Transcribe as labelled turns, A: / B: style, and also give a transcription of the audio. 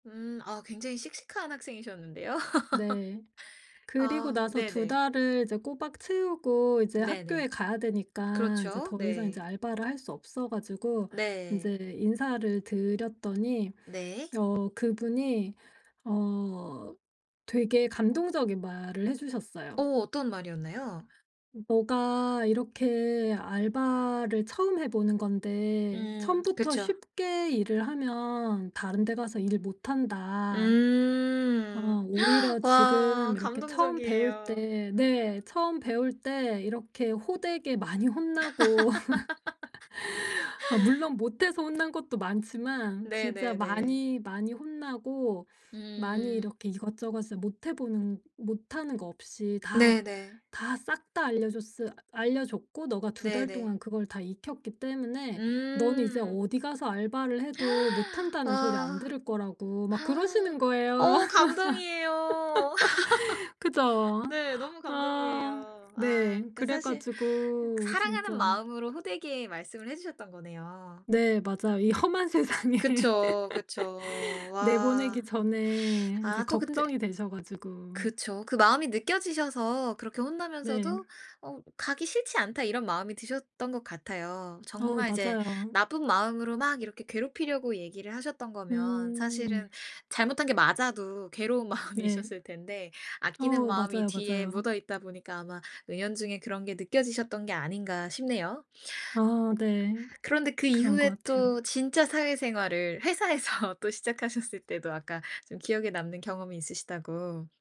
A: 음. 아 굉장히 씩씩한 학생이셨는데요.
B: 네. 그리고
A: 아
B: 나서 2
A: 네네.
B: 달을 이제 꼬박 채우고 이제 학교에
A: 네네.
B: 가야 되니까 이제
A: 그렇죠.
B: 더 이상 이제
A: 네.
B: 알바를 할 수 없어가지고
A: 네.
B: 인제 인사를 드렸더니
A: 네.
B: 어 그분이 어 되게 감동적인 말을 해주셨어요.
A: 어 어떤 말이었나요?
B: "너가 이렇게 알바를 처음 해 보는 건데
A: 음
B: 처음부터
A: 그쵸.
B: 쉽게 일을 하면 다른 데 가서 일 못 한다. 아
A: 음
B: 오히려
A: 와
B: 지금 이렇게 처음 배울
A: 감동적이에요.
B: 때" 네. "처음 배울 때 이렇게 호되게 많이 혼나고" 아 물론 못해서 혼난 것도 많지만 진짜
A: 네네네.
B: 많이, 많이 혼나고 많이
A: 음.
B: 이렇게 이것저것을 못 해보는 못 하는 거 없이 다,
A: 네네.
B: 다 싹 다 알려줬을 알려줬고 너가 2 달
A: 네네.
B: 동안 그걸 다 익혔기 때문에 너는 이제
A: 음.
B: 어디 가서 알바를 해도 못 한다는 소리 안
A: 아.
B: 들을 거라고 막 그러시는 거예요.
A: 어 감동이에요.
B: 그죠?
A: 네. 너무
B: 아
A: 감동이에요. 아
B: 네.
A: 그니까
B: 그래
A: 사실
B: 가지고
A: 사랑하는
B: 진짜
A: 마음으로 호되게 말씀을 해 주셨던 거네요.
B: 네, 맞아요. 이 험한 세상에.
A: 그쵸 그쵸.
B: 내보내기
A: 와.
B: 전에 이제
A: 아 또 근데
B: 걱정이 되셔 가지고.
A: 그쵸. 그 마음이 느껴지셔서 그렇게
B: 네.
A: 혼나면서도 어 '가기 싫지 않다.' 이런 마음이 드셨던 것 같아요.
B: 어
A: 정말 이제
B: 맞아요.
A: 나쁜 마음으로 막 이렇게 괴롭히려고 얘기를 하셨던 거면
B: 음.
A: 사실은 잘못한 게 맞아도 괴로운
B: 네.
A: 마음이셨을 텐데 아끼는
B: 어
A: 마음이
B: 맞아요
A: 뒤에
B: 맞아요.
A: 묻어있다 보니까 아마 은연중에 그런 게 느껴지셨던 게 아닌가 싶네요.
B: 아 네.
A: 그런데 그
B: 그런 거
A: 이후에
B: 같아요.
A: 또 진짜 사회생활을 회사에서 또 시작하셨을 때도 아까 좀 기억에 남는 경험이 있으시다고.